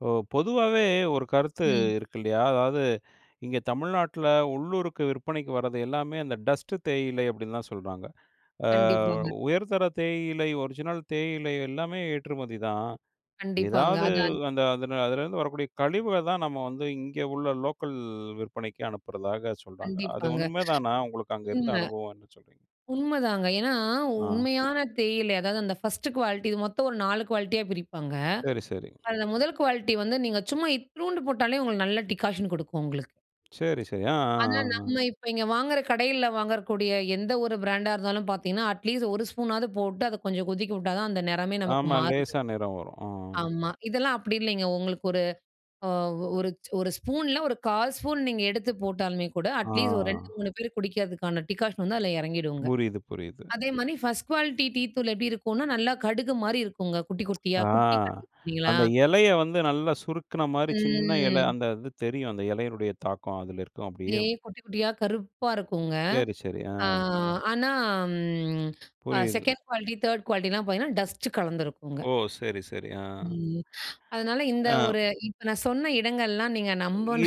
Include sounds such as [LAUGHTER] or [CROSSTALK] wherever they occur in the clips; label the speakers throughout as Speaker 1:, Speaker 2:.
Speaker 1: இப்போ பொதுவாவே ஒரு கருத்து
Speaker 2: ம்.
Speaker 1: இருக்கு இல்லையா, அதாவது இங்க தமிழ்நாட்ல உள்ளூருக்கு விற்பனைக்கு வரது எல்லாமே அந்த டஸ்ட்டு தேயிலை அப்டின்னு தான் சொல்றாங்க. அ
Speaker 2: கண்டிப்பாங்க.
Speaker 1: உயர்தர தேயிலை, ஒரிஜினல் தேயிலை எல்லாமே ஏற்றுமதிதான்.
Speaker 2: கண்டிப்பாங்க.
Speaker 1: எதாவது
Speaker 2: அது அந்
Speaker 1: அந்த அதுன அதுலேருந்து வரக்கூடிய கழிவுகள் தான், நம்ம வந்து இங்கே உள்ள லோக்கல் விற்பனைக்கு அனுப்புறதாக சொல்றாங்க. அது
Speaker 2: கண்டிப்பாங்க,
Speaker 1: உண்மதானா, உங்களுக்கு அங்க இருந்த
Speaker 2: உண்ம.
Speaker 1: அனுபவம், என்ன சொல்றீங்க?
Speaker 2: உண்மதானங்க. ஏன்னா
Speaker 1: ஆ
Speaker 2: உண்மையான தேயிலை அதாவது அந்த ஃபர்ஸ்ட்டு குவாலிட்டி மொத்தம் ஒரு 4 குவாலிட்டியா பிரிப்பாங்க.
Speaker 1: சரி, சரி.
Speaker 2: அதில 1ல் குவாலிட்டியா வந்து, நீங்க சும்மா இத்ணூண்டு போட்டாலே உங்களுக்கு நல்ல டிகாஷன் குடுக்கும், உங்களுக்கு.
Speaker 1: சரி, சரி. ஆ, ஆ,
Speaker 2: அதனால
Speaker 1: ஆ, ஆ.
Speaker 2: நம்ம இப்போ இங்க வாங்குற, கடையில வாங்குறக்கூடிய எந்த ஒரு பிராண்டா இருந்தாலும் பாத்தீங்கன்னா, அட்லீஸ்ட் 1 ஸ்பூனாவது போட்டு அத கொஞ்சம் கொதிக்க வுட்டா தான் அந்த நெறமே நமக்கு
Speaker 1: ஆமா,
Speaker 2: மாறுது.
Speaker 1: லேசா நிறம் வரும் ஆ.
Speaker 2: ஆமா, இதெல்லாம் அப்டி இல்லைங்க. உங்களுக்கு ஒரு அ ஒரு ஒரு ச் ஸ்பூன்ல ஒரு 1/4 ஸ்பூன் நீங்க எடுத்து போட்டாலுமே கூட,
Speaker 1: ஆ.
Speaker 2: அட்லீஸ்ட் ஒரு 2, 3 பேர் குடிக்கிறதுக்கான டிகாஷன் வந்து அதில எறங்கிடுங்க.
Speaker 1: புரியுது, புரியுது.
Speaker 2: அதே மாரி ஃபர்ஸ்ட்டு குவாலிட்டி டீ தூள் எப்டி இருக்குன்னா, நல்லா கடுகு மாரி இருக்குங்க, குட்டி குட்டியா
Speaker 1: ஆ
Speaker 2: குட்டி [UNINTELLIGIBLE] களா,
Speaker 1: அந்த எலைய வந்து நல்லா சுருக்குன மாரி, சின்ன எலை
Speaker 2: ம்.
Speaker 1: அந்த இது தெரியும், அந்த எலையினுடைய தாக்கம் அதில இருக்கும் அப்டியே
Speaker 2: அப்டியே குட்டி குட்டியா கருப்பா இருக்குங்க.
Speaker 1: சரி, சரி, ஆ.
Speaker 2: ஆ ஆனா ம் அ
Speaker 1: புரியுது.
Speaker 2: 2ண்ட் குவாலிட்டி, 3ர்ட் குவாலிட்டில்லாம் பாத்தீங்கன்னா டஸ்ட்டு கலந்திருக்குங்க.
Speaker 1: ஓஹ்! சரி, சரி ஆ.
Speaker 2: ம் அதனால இந்த
Speaker 1: ஆ.
Speaker 2: ஒரு இப்போ நான் சொன்ன இடங்கள்லாம், நீங்க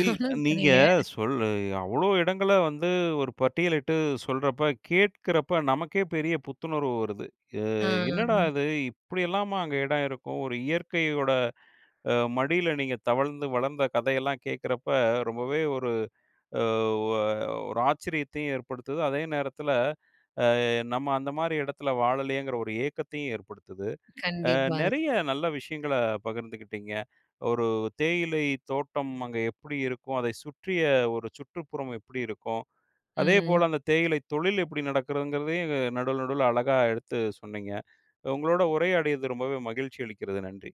Speaker 1: இல் நீங்க
Speaker 2: சரிங்க
Speaker 1: சொல் அ, அவ்வளோ இடங்கள வந்து ஒரு பட்டியலிட்டு சொல்றப்ப, கேட்குறப்ப நமக்கேப் பெரிய புத்துணர்வு வருது. அ என்னடா
Speaker 2: ஆ,
Speaker 1: இது இப்டியெல்லாமா அங்கே எடம் இருக்கும்! ஒரு இயற்கையோட அ மடியில நீங்க தவழ்ந்து, வளந்த கதையெல்லாம் கேக்குறப்ப, ரொம்பவே ஒரு அ ஒ ஒரு ஆச்சரியத்தையும் ஏற்படுத்துது. அதே நேரத்தில, அ நம்ம அந்த மாரி எடத்துல வாழலையேங்கிற ஒரு ஏக்கத்தையும் ஏற்படுத்துது. அ
Speaker 2: கண்டிப்பாங்க.
Speaker 1: நெறைய நல்ல விஷயங்களப் பகிர்ந்துக்கிட்டீங்க. ஒரு தேயிலைத் தோட்டம் அங்கே எப்டி இருக்கும்? அதைச் சுற்றிய ஒரு சுற்றுப்புறம் எப்டி இருக்கும்? அதேபோல,
Speaker 2: ம்.
Speaker 1: அந்த தேயிலை தொழில் எப்டி நடக்கிறதுங்கிறதையும், நடுவுல நடுவுல அழகா எடுத்துச் சொன்னீங்க. உங்களோட உரையாடியது ரொம்பவே மகிழ்ச்சி அளிக்கிறது. நன்றி.